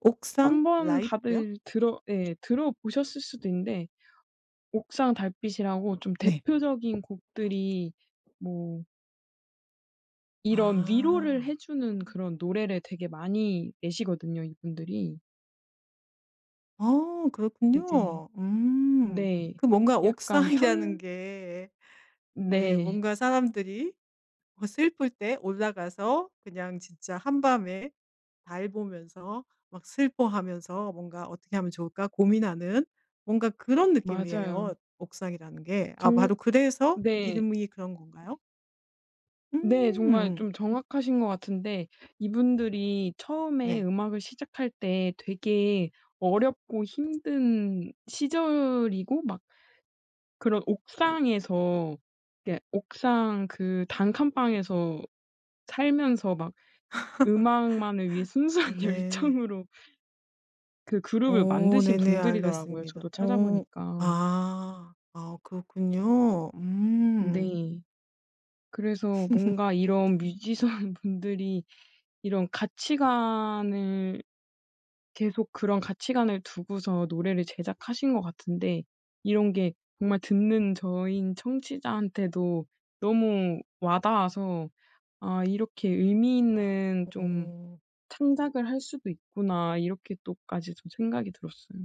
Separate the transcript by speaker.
Speaker 1: 옥상
Speaker 2: 한번
Speaker 1: 라이프요?
Speaker 2: 다들 들어 예 들어보셨을 수도 있는데 옥상 달빛이라고 좀
Speaker 1: 네.
Speaker 2: 대표적인 곡들이 뭐 이런 위로를
Speaker 1: 아.
Speaker 2: 해 주는
Speaker 1: 어.
Speaker 2: 그런 노래를 되게 많이 내시거든요 이분들이.
Speaker 1: 아
Speaker 2: 이제
Speaker 1: 그렇군요. 음
Speaker 2: 네.
Speaker 1: 그 뭔가
Speaker 2: 약간
Speaker 1: 옥상이라는
Speaker 2: 현
Speaker 1: 게 네.
Speaker 2: 네.
Speaker 1: 뭔가 사람들이 어 슬플 때 올라가서 그냥 진짜 한밤에 달 보면서 막 슬퍼하면서 뭔가 어떻게 하면 좋을까 고민하는 뭔가 그런 느낌이에요
Speaker 2: 맞아요.
Speaker 1: 옥상이라는 게.
Speaker 2: 종
Speaker 1: 아마도 그래서
Speaker 2: 네.
Speaker 1: 이름이 그런 건가요?
Speaker 2: 네. 정말
Speaker 1: 음.
Speaker 2: 좀 정확하신 것 같은데 이분들이 처음에
Speaker 1: 네.
Speaker 2: 음악을 시작할 때 되게 어렵고 힘든 시절이고 막 그런 옥상에서 그러니까 옥상 그 단칸방에서 살면서 막 음악만을 위해
Speaker 1: 아
Speaker 2: 순수한
Speaker 1: 네.
Speaker 2: 열정으로 그 그룹을
Speaker 1: 오
Speaker 2: 만드신
Speaker 1: 네네
Speaker 2: 분들이더라고요
Speaker 1: 알겠습니다.
Speaker 2: 저도
Speaker 1: 어.
Speaker 2: 찾아보니까.
Speaker 1: 아. 아 그렇군요. 음.
Speaker 2: 네. 그래서 뭔가 이런 뮤지션 분들이 이런 가치관을 계속 그런 가치관을 두고서 노래를 제작하신 것 같은데 이런 게 정말 듣는 저인 청취자한테도 너무 와닿아서 '아 이렇게 의미 있는 좀
Speaker 1: 어.
Speaker 2: 창작을 할 수도 있구나.' 이렇게 또 까지 좀 생각이 들었어요.